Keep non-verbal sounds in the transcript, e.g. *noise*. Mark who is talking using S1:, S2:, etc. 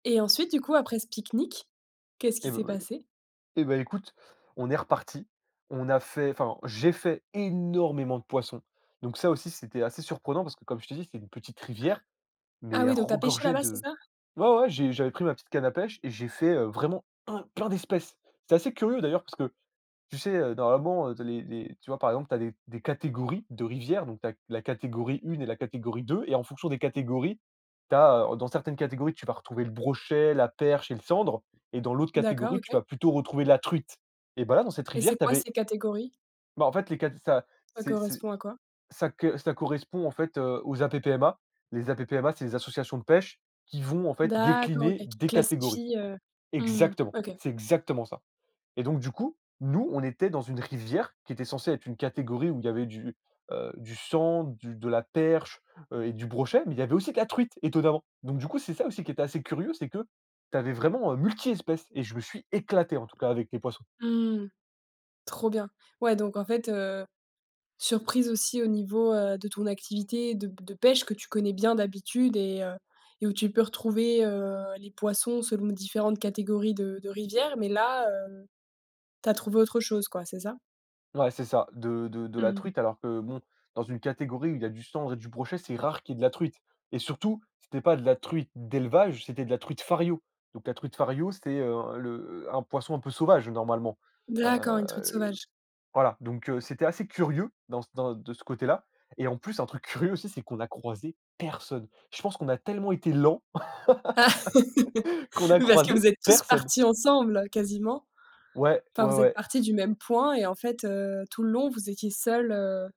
S1: Et ensuite, du coup, après ce pique-nique, qu'est-ce qui
S2: Et bah,
S1: s'est
S2: voyons
S1: passé?
S2: et bah, écoute, on est repartis. On a fait enfin, j'ai fait énormément de poissons. Donc ça aussi, c'était assez surprenant parce que, comme je te dis, c'est une petite rivière, mais
S1: Ah
S2: elle
S1: oui, donc tu as pêché
S2: regorgeait
S1: là-bas, c'est
S2: de
S1: ça?
S2: ouais, ouais, j'ai j'avais pris ma petite canne à pêche et j'ai fait, heu, vraiment un plein d'espèces. C'est assez curieux d'ailleurs parce que, tu sais, heu, normalement, les les tu vois, par exemple, tu as des des catégories de rivière, donc tu as la catégorie 1 et la catégorie 2 et en fonction des catégories, tu as dans certaines catégories, tu vas retrouver le brochet, la perche et le sandre et dans l'autre
S1: D'accord,
S2: catégorie, tu
S1: OK.
S2: vas plutôt retrouver la truite. Et bah, là, dans cette
S1: Et c'est
S2: rivière tu
S1: quoi,
S2: avais
S1: ces catégories?
S2: Bah, en fait, les caté ça
S1: Ça
S2: c'est c'est
S1: correspond à quoi?
S2: ça c ça correspond en fait aux APPMA. Les APPMA, c'est les associations de pêche qui vont, en fait,
S1: D'accord,
S2: décliner
S1: OK. Qui
S2: des catégories.
S1: classifie, heu, mmh mh.
S2: Exactement,
S1: OK.
S2: c'est exactement ça. Et donc, du coup, nous, on était dans une rivière qui était censée être une catégorie où il y avait du, heu, du sandre, du de la perche, heu et du brochet, mais il y avait aussi de la truite, étonnamment. Donc, du coup, c'est ça aussi qui est assez curieux, c'est que tu avais vraiment, heu, multi-espèces et je me suis éclaté, en tout cas, avec les poissons.
S1: Mmh mh. Trop bien. Ouais, donc en fait, heu, surprise aussi au niveau, heu, de ton activité de p de pêche que tu connais bien d'habitude et heu et où tu peux retrouver, heu, les poissons selon différentes catégories de de rivières, mais là, heu, tu as trouvé autre chose, quoi, c'est ça?
S2: Ouais, c'est ça, de de de
S1: Mmh
S2: la
S1: mh.
S2: truite, alors que bon, dans une catégorie où il y a du sandre et du brochet, c'est rare qu'il y ait de la truite. Et surtout, c'était pas de la truite d'élevage, c'était de la truite Fario. Donc la truite Fario, c'était, heu, le un poisson un peu sauvage normalement, heu,
S1: D'accord, une truite
S2: le
S1: sauvage?
S2: voilà. Donc heu, c'était assez curieux dans dans de ce côté-là et en plus un truc curieux aussi, c'est qu'on a croisé personne. Je pense qu'on a tellement été lents
S1: Ah! *laughs*
S2: *laughs* qu'on a
S1: Oui, parce que vous
S2: croisé
S1: êtes tous
S2: personne.
S1: partis ensemble, quasiment.
S2: Ouais.
S1: Enfin,
S2: Ouais,
S1: vous êtes
S2: ouais.
S1: partis du même point et en fait, heu, tout le long, vous étiez seuls, heu